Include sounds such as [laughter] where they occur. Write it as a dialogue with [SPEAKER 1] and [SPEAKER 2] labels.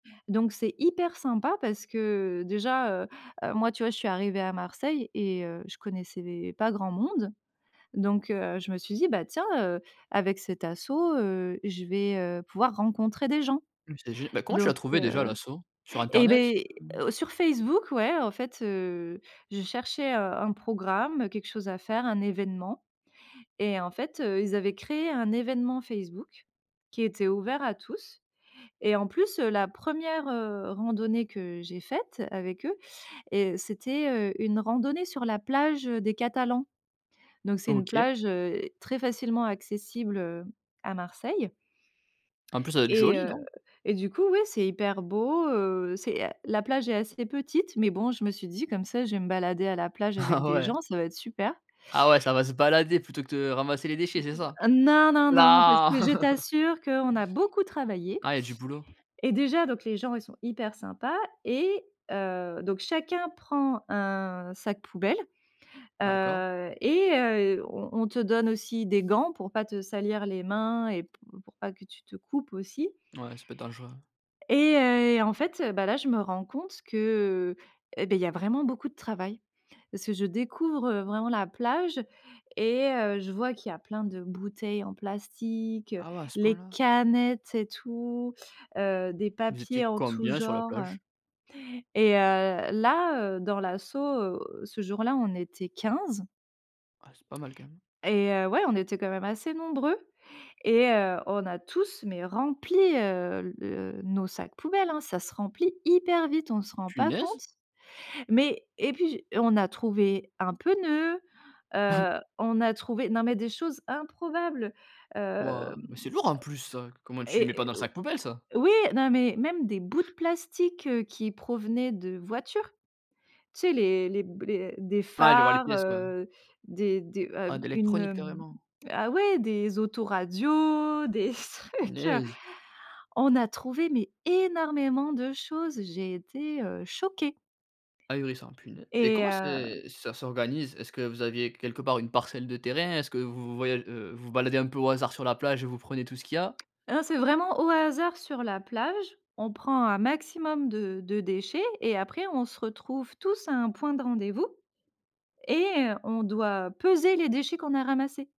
[SPEAKER 1] Donc c'est hyper sympa parce que déjà, heu, heu, moi tu vois je suis arrivée à Marseille et, heu, je connaissais des pas grand monde. Donc, heu, je me suis dit: «Bah, tiens, heu, avec cette asso, heu, je vais, heu, pouvoir rencontrer des gens.»
[SPEAKER 2] Mmh c'est gé bah, comment tu as
[SPEAKER 1] donc,
[SPEAKER 2] trouvé déjà
[SPEAKER 1] heu
[SPEAKER 2] l'association? Sur
[SPEAKER 1] et,
[SPEAKER 2] internet?
[SPEAKER 1] beh sur Facebook ouais. En fait, heu, je cherchais, heu, un programme, quelque chose à faire, un événement. Et en fait, heu, ils avaient créé un événement Facebook, qui était ouvert à tous. Et en plus, heu, la 1re, heu, randonnée que j'ai faite avec eux. Heu, c'était, heu, une randonnée sur la plage, heu, des Catalans. Donc c'est une
[SPEAKER 2] OK.
[SPEAKER 1] plage, heu, très facilement accessible, heu, à Marseille.
[SPEAKER 2] En plus, ça doit être
[SPEAKER 1] Et,
[SPEAKER 2] joli
[SPEAKER 1] heu,
[SPEAKER 2] non?
[SPEAKER 1] et du coup oui, c'est hyper beau, heu, c'est, heu la plage est assez petite. Mais bon je me suis dit: «Comme ça je vais me balader à la plage avec
[SPEAKER 2] Ah
[SPEAKER 1] des
[SPEAKER 2] ouais.
[SPEAKER 1] gens, ça va être super».
[SPEAKER 2] Ah ouais, ça va se balader plutôt que de ramasser les
[SPEAKER 1] Mmh,
[SPEAKER 2] déchets, c'est ça?
[SPEAKER 1] heu non, non, non. Parce
[SPEAKER 2] Là.
[SPEAKER 1] que je
[SPEAKER 2] [laughs]
[SPEAKER 1] t'assure qu'on a beaucoup travaillé.
[SPEAKER 2] Ah, il y a du boulot?
[SPEAKER 1] Et déjà, donc les gens ils sont hyper sympas et, heu, donc chacun prend un sac poubelle,
[SPEAKER 2] D'accord.
[SPEAKER 1] heu, et, heu, on on te donne aussi des gants, pour pas te salir les mains et p pour pas que tu te coupes aussi.
[SPEAKER 2] Ouais, ça peut être dangereux.
[SPEAKER 1] Et, heu, et en fait, heu, bah, là je me rends compte que, et beh, il y a vraiment beaucoup de travail. Parce que je découvre, heu, vraiment la plage et, heu, je vois qu'il y plein de bouteilles en plastique, heu,
[SPEAKER 2] Ah ouais. À ce
[SPEAKER 1] les
[SPEAKER 2] point-là?
[SPEAKER 1] canettes et tout, heu, des
[SPEAKER 2] Vous
[SPEAKER 1] papiers
[SPEAKER 2] étiez
[SPEAKER 1] en tout
[SPEAKER 2] combien sur la
[SPEAKER 1] genre,
[SPEAKER 2] plage?
[SPEAKER 1] heu. Et, heu, là, heu, dans l'asso, ce jour-là, était 15.
[SPEAKER 2] Ah, c'est pas mal quand même.
[SPEAKER 1] Et, heu, ouais, on était quand même assez nombreux. Et, heu, on a tous, mais rempli, heu, le nos sacs poubelles, hein. Ça se remplit hyper vite. On se rend pas compte.
[SPEAKER 2] Punaise!
[SPEAKER 1] Mais et puis j on a trouvé un pneu, heu,
[SPEAKER 2] [chuckles]
[SPEAKER 1] on a trouvé non mais des choses improbables, hem.
[SPEAKER 2] Waouh, mais c'est lourd en plus ça. C
[SPEAKER 1] [clicks tongue]
[SPEAKER 2] comment tu le mets
[SPEAKER 1] Et
[SPEAKER 2] pas dans
[SPEAKER 1] et
[SPEAKER 2] le
[SPEAKER 1] au
[SPEAKER 2] sac poubelle ça?
[SPEAKER 1] oui, non mais même des bouts de plastique, heu, qui provenaient de voitures. Tu sais les les b les des
[SPEAKER 2] Ouais, je vois les
[SPEAKER 1] phares,
[SPEAKER 2] pièces, ouais.
[SPEAKER 1] heu, des des heu
[SPEAKER 2] Ah,
[SPEAKER 1] b une,
[SPEAKER 2] d'électronique,
[SPEAKER 1] hem
[SPEAKER 2] carrément.
[SPEAKER 1] ah ouais, des autoradios, des trucs, heu
[SPEAKER 2] Punaise.
[SPEAKER 1] on a trouvé mais énormément de choses j'ai été, heu, choquée.
[SPEAKER 2] Ahurissant punai et
[SPEAKER 1] Et,
[SPEAKER 2] comment
[SPEAKER 1] heu
[SPEAKER 2] c'est ça s'organise? Est-ce que vous aviez quelque part une parcelle de terrain? Est-ce que vous vous voya heu, vous vous baladez un peu au hasard sur la plage et vous prenez tout ce qu'il y a?
[SPEAKER 1] Ah, c'est vraiment au hasard sur la plage, on prend un maximum de de déchets et après on se retrouve tous à un point de rendez-vous. Et on doit peser les déchets qu'on a ramassés.